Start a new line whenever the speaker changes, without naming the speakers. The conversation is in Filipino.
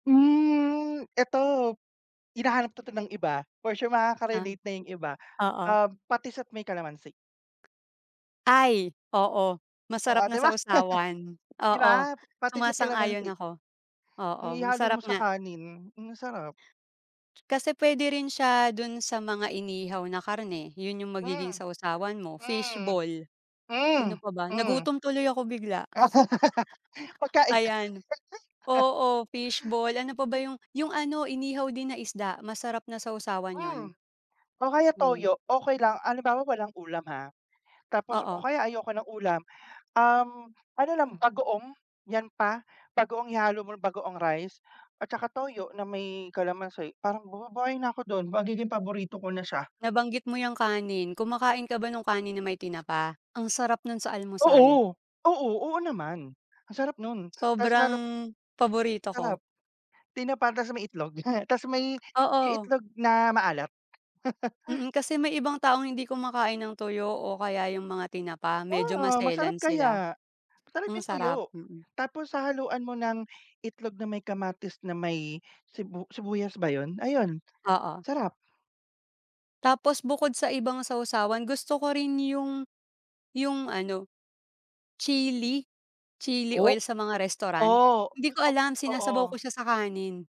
Hmm, eto, hinahanap 'to 'to ng iba, for sure
Ah,
makaka-relate na 'yung iba.
oo.
Um, patis at may kalamansi.
Ay, oo,
Oo,
masarap
'di
na
ba!
sawsawan.
'Di ba?
Oo,
Patis at
sumasang-ayon
kalamansi.
ako. Oo,
Hmm, ihalo mo
masarap
sa
nga.
kanin, hmm, ang sarap.
Kasi puwede rin siya dun sa mga inihaw na karne, 'yun 'yung magiging
Hmm,
sawsawan mo,
hmm.
fishbol,
Hmm,
ano pa ba.
hmm.
Nagutom tuloy ako bigla.
pagkain nga
Ayan, oo fishbol. Ano pa ba 'yung 'yung ano inihaw din na isda, masarap na sawsawan 'yun.
Hmm, o kaya
Hmm.
toyo okey lang, halimbawa walang ulam ha. Tapos, o
Oo.
kaya ayoko ng ulam, um, ano lang bagoong, 'yan pa. Bagoong ihalo mo na bagoong rice at saka toyo na may kalamansi. Parang mabubuhay na ako dun, magiging paborito ko na siya.
Nabanggit mo 'yung kanin, kumakain ka ba nung kanin na may tinapa? Ang sarap nun sa almusal.
Oo! oo, oo naman, ang sarap nun, ta's
Sobrang
meron
paborito
Sarap,
ko.
tinapa ta's may itlog. 'Tas may 'yung
Oo.
itlog na maalat.
Mm, kasi may ibang taong hindi kumakain ng tuyo o kaya 'yung mga tinapa, medyo
Oo. Masarap
maselan sila.
kaya! Masarap
Ang
'yung tuyo.
sarap, mm.
Tapos hahaluan mo ng itlog na may kamatis na may sibu sibuyas ba 'yun, ayun
Oo.
sarap.
Tapos bukod sa ibang sawsawan, gusto ko rin 'yung 'yung ano, chili chili oil
Oh,
sa mga restaurant.
oh,
Hindi ko
[unintelligible]
alam, sinasabaw ko
totoo.
siya sa kanin.